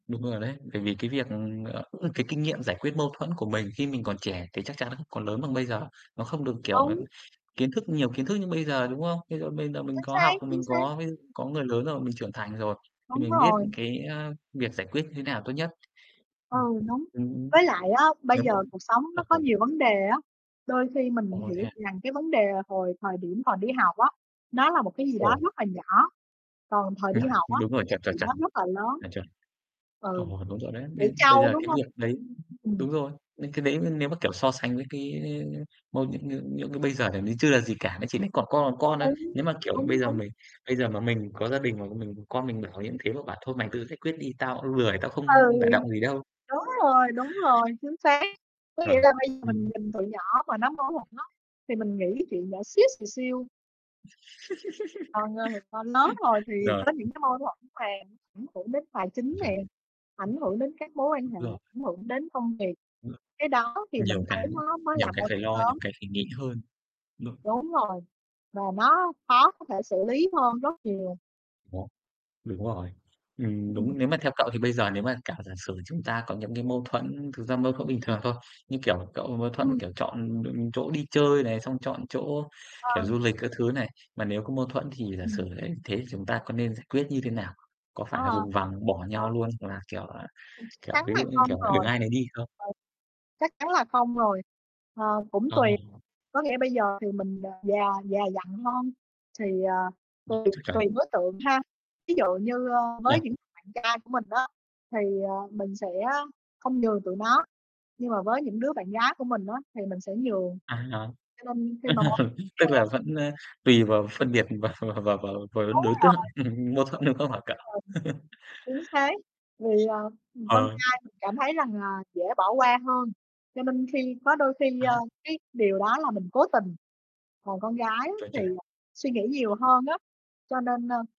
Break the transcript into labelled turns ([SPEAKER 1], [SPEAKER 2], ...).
[SPEAKER 1] Đúng rồi đấy, bởi vì, cái việc, ờ, cái, kinh nghiệm giải quyết mâu thuẫn của mình khi mình còn trẻ thì chắc chắn không có lớn bằng bây giờ. Nó không được, kiểu, ừm,
[SPEAKER 2] Đúng.
[SPEAKER 1] kiến thức nhiều kiến thức như bây giờ, đúng không? Ví dụ bây giờ mình
[SPEAKER 2] Chính
[SPEAKER 1] có
[SPEAKER 2] xác,
[SPEAKER 1] học,
[SPEAKER 2] chính
[SPEAKER 1] mình
[SPEAKER 2] xác.
[SPEAKER 1] có ví dụ có người lớn rồi mình trưởng thành rồi, thì
[SPEAKER 2] Đúng
[SPEAKER 1] mình biết,
[SPEAKER 2] rồi.
[SPEAKER 1] cái, ờ, việc giải quyết như thế nào tốt nhất.
[SPEAKER 2] Ừ,
[SPEAKER 1] Ừm,
[SPEAKER 2] đúng,
[SPEAKER 1] ừm.
[SPEAKER 2] với lại á bây
[SPEAKER 1] Nếu
[SPEAKER 2] giờ
[SPEAKER 1] vẫn
[SPEAKER 2] cuộc sống nó có
[SPEAKER 1] ồ.
[SPEAKER 2] nhiều vấn đề á, đôi khi mình
[SPEAKER 1] Ồ, thế
[SPEAKER 2] hiểu
[SPEAKER 1] à?
[SPEAKER 2] rằng, cái, vấn đề hồi thời điểm còn đi học á, nó là một cái gì đó
[SPEAKER 1] Ồ.
[SPEAKER 2] rất là nhỏ, còn thời đi
[SPEAKER 1] Rồi,
[SPEAKER 2] học á
[SPEAKER 1] đúng rồi,
[SPEAKER 2] thì cái
[SPEAKER 1] chuẩn, chuẩn,
[SPEAKER 2] chuyện
[SPEAKER 1] chuẩn.
[SPEAKER 2] đó rất là lớn.
[SPEAKER 1] À, chuẩn.
[SPEAKER 2] Ừ,
[SPEAKER 1] Ồ, đúng rồi đấy,
[SPEAKER 2] trẻ
[SPEAKER 1] bây bây
[SPEAKER 2] trâu,
[SPEAKER 1] giờ,
[SPEAKER 2] đúng
[SPEAKER 1] cái,
[SPEAKER 2] hông?
[SPEAKER 1] việc đấy
[SPEAKER 2] Ừm.
[SPEAKER 1] đúng rồi, cái đấy nếu mà, kiểu, so sánh với, cái, ơ, mâu những, cái, bây giờ thì chưa là gì cả, nó chỉ là cỏn con còn con thôi.
[SPEAKER 2] Đúng,
[SPEAKER 1] Nếu mà, kiểu, bây
[SPEAKER 2] đúng,
[SPEAKER 1] giờ
[SPEAKER 2] đúng.
[SPEAKER 1] mình bây giờ mà mình có gia đình mà mình con mình mà bảo như thế mà bảo thôi mày tự giải quyết đi, tao cũng lười, tao
[SPEAKER 2] Ừ,
[SPEAKER 1] không đả động gì đâu.
[SPEAKER 2] đúng rồi, đúng rồi, chính xác, có nghĩa
[SPEAKER 1] Chuẩn,
[SPEAKER 2] là bây giờ mình
[SPEAKER 1] ừm.
[SPEAKER 2] nhìn tụi nhỏ mà nó mâu thuẫn á thì mình nghĩ chuyện nhỏ xíu xìu xiu. Còn, ờ, còn lớn rồi thì
[SPEAKER 1] Rồi.
[SPEAKER 2] có những cái mâu thuẫn mà ảnh hưởng đến tài chính
[SPEAKER 1] Chuẩn.
[SPEAKER 2] nè, ảnh hưởng đến các mối quan
[SPEAKER 1] Đúng
[SPEAKER 2] hệ,
[SPEAKER 1] rồi.
[SPEAKER 2] ảnh hưởng đến công việc,
[SPEAKER 1] Ừm.
[SPEAKER 2] cái đó thì mình
[SPEAKER 1] Nhiều
[SPEAKER 2] thấy
[SPEAKER 1] cái
[SPEAKER 2] nó mới
[SPEAKER 1] nhiều
[SPEAKER 2] là
[SPEAKER 1] cái
[SPEAKER 2] mâu
[SPEAKER 1] phải
[SPEAKER 2] thuẫn
[SPEAKER 1] lo, nhiều
[SPEAKER 2] lớn.
[SPEAKER 1] cái phải nghĩ hơn. [unintelligible]
[SPEAKER 2] Đúng rồi, và nó khó có thể xử lý hơn rất nhiều.
[SPEAKER 1] Nó, đúng rồi, ừm,
[SPEAKER 2] Ừm.
[SPEAKER 1] đúng, nếu mà theo cậu thì bây giờ nếu mà cả giả sử chúng ta có những, cái, mâu thuẫn, thực ra mâu thuẫn bình
[SPEAKER 2] Ừm.
[SPEAKER 1] thường thôi, như, kiểu, cậu mâu thuẫn,
[SPEAKER 2] Ừm.
[SPEAKER 1] kiểu, chọn, ừm, chỗ đi chơi này, xong chọn chỗ, kiểu,
[SPEAKER 2] Ờ.
[SPEAKER 1] du lịch các thứ này, mà nếu có mâu thuẫn thì giả sử
[SPEAKER 2] Ừm.
[SPEAKER 1] đấy thế, thì chúng ta có nên giải quyết như thế nào? Có
[SPEAKER 2] Ờ,
[SPEAKER 1] phải là vùng vằng bỏ
[SPEAKER 2] ờ.
[SPEAKER 1] nhau luôn, hoặc là, kiểu, à,
[SPEAKER 2] Ừm, chắc
[SPEAKER 1] kiểu,
[SPEAKER 2] chắn
[SPEAKER 1] ví
[SPEAKER 2] là
[SPEAKER 1] dụ như,
[SPEAKER 2] không
[SPEAKER 1] kiểu là, đường
[SPEAKER 2] rồi. Ừ,
[SPEAKER 1] ai này đi không?
[SPEAKER 2] chắc chắn là không rồi, ờ, cũng
[SPEAKER 1] Ờ.
[SPEAKER 2] tùy, có nghĩa bây giờ thì mình, ờ, già già dặn hơn thì, à,
[SPEAKER 1] Ừm,
[SPEAKER 2] tùy
[SPEAKER 1] chuẩn
[SPEAKER 2] tùy
[SPEAKER 1] chuẩn.
[SPEAKER 2] đối tượng ha, ví dụ như, ờ, với
[SPEAKER 1] À.
[SPEAKER 2] những bạn trai của mình á thì, ờ, mình sẽ không nhường tụi nó, nhưng mà với những đứa bạn gái của mình á thì mình sẽ nhường.
[SPEAKER 1] À.
[SPEAKER 2] Cho nên khi mà mâu thuẫn xảy
[SPEAKER 1] Tức là
[SPEAKER 2] ra
[SPEAKER 1] vẫn, ờ, tùy vào phân biệt vào vào vào vào vào
[SPEAKER 2] Đúng
[SPEAKER 1] đối
[SPEAKER 2] rồi. Đúng
[SPEAKER 1] tượng
[SPEAKER 2] rồi.
[SPEAKER 1] mâu thuẫn, đúng không hả cậu?
[SPEAKER 2] Chính xác, vì, ờ, ừm, con
[SPEAKER 1] Ờ.
[SPEAKER 2] trai mình cảm thấy rằng là dễ bỏ qua hơn cho nên khi có đôi khi, ờ,
[SPEAKER 1] A.
[SPEAKER 2] cái, điều đó là mình cố tình, còn con gái á
[SPEAKER 1] Chuẩn,
[SPEAKER 2] thì,
[SPEAKER 1] chuẩn.
[SPEAKER 2] à, suy nghĩ nhiều hơn á, cho nên, ơ